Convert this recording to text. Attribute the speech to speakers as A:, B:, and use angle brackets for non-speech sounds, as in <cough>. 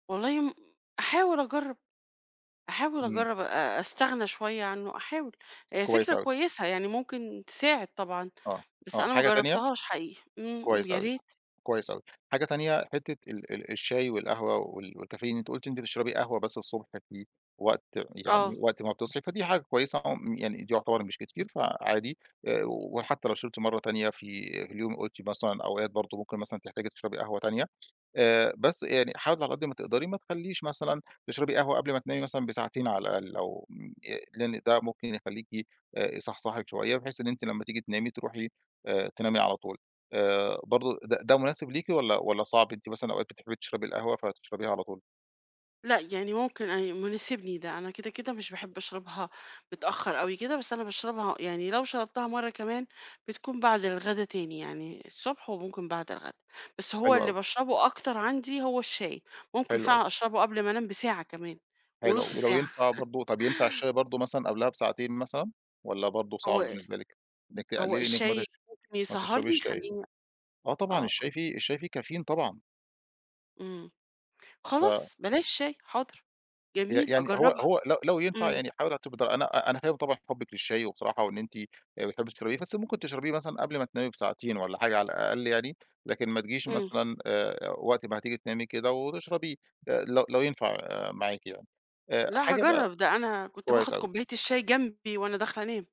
A: والله م أحاول أجرّب، أحاول
B: إمم.
A: أجرب أ أستغنى شوية عنه أحاول،
B: كويس
A: فكرة
B: أوي.
A: كويسة يعني ممكن تساعد طبعًا،
B: آه،
A: بس
B: آه،
A: أنا ما
B: حاجة تانية
A: جرّبتهاش حقيقي، إمم،
B: كويس
A: يا
B: أوي،
A: ريت.
B: كويس أوي، حاجة تانية حتّة ال ال الشاي والقهوة وال والكافيين أنت قلتِ أنت بتشربي قهوة بس الصبح في وقت، يعني
A: آه.
B: وقت ما بتصحي، فدي حاجة كويسة عم يعني يعتبر مش كتير فعادي، وحتّى لو شربتِ مَرّة تانية في اليوم قُلتِ مثلًا أوقات برضه ممكن مثلًا تحتاجي تشربي قهوة تانية، آآ بس يعني حاولي على قد ما تقدري ما تخلّيش مثلًا تشربي قهوة قبل ما تنامي مثلًا بساعتين على الأقل، أو م ي لإن ده ممكن يخلّيكِ يصحصحِك شوية، بحيث إن أنتِ لمّا تيجي تنامي تروحي آآ تنامي على طول، آآ برضه ده ده مناسب ليكِ، والّا والّا صعب؟ أنتِ مثلًا أو بتحبي تشربي القهوة فتشربيها على طول؟
A: لأ يعني ممكن أن مناسبني ده، أنا كده، كده مش باحب أشربها متأخَّر أوي كده، بس أنا باشربها يعني لو شربتها مَرّة كمان، بتكون بعد الغدا تاني، يعني الصبح وممكن بعد الغدا، بس هو
B: حلو
A: اللي
B: أوي.
A: باشربه أكتر عندي هو الشاي، ممكن
B: حلو أوي.
A: فعلًا أشربه قبل ما أنام بساعة كمان،
B: حلو أوي،
A: ونُص
B: ولو
A: ساعة.
B: ينفع
A: <chuckles>
B: برضه، طَب ينفع الشاي برضه مثلًا قبلها بساعتين مثلًا، والّا برضه صعب
A: هو
B: بالنسبة لِك؟ إنِك
A: هو
B: تقلّلي إنك ما
A: الشاي
B: تش
A: ممكن
B: ما
A: يسهّرني
B: تشربيش شاي،
A: يخلّيني
B: آه طبعًا
A: آه.
B: الشاي فيه الشاي فيه كافيين طبعًا.
A: إمم،
B: ف
A: خلاص بلاش شاي، حاضر،
B: ي
A: جميل،
B: يعني هو
A: أجرّبها،
B: هو لو لو ينفع
A: إمم.
B: يعني حاولي <unintelligible> أنا أ أنا فاهم طبعًا حُبِك للشاي وبصراحة وإن أنتِ بتحبي تشربيه، بس ممكن تشربيه مثلًا قبل ما تنامي بساعتين والّا حاجة على الأقل يعني، لكن ما تجيش
A: إمم.
B: مثلًا آآ وقت ما هتيجي تنامي كده وتشربيه، لو لو ينفع معاكِ يعني،
A: لا
B: حاجة بقى
A: هاجرب ده، أنا كنت باخذ
B: كويس أوي.
A: كوباية الشاي جنبي وأنا داخلة أنام.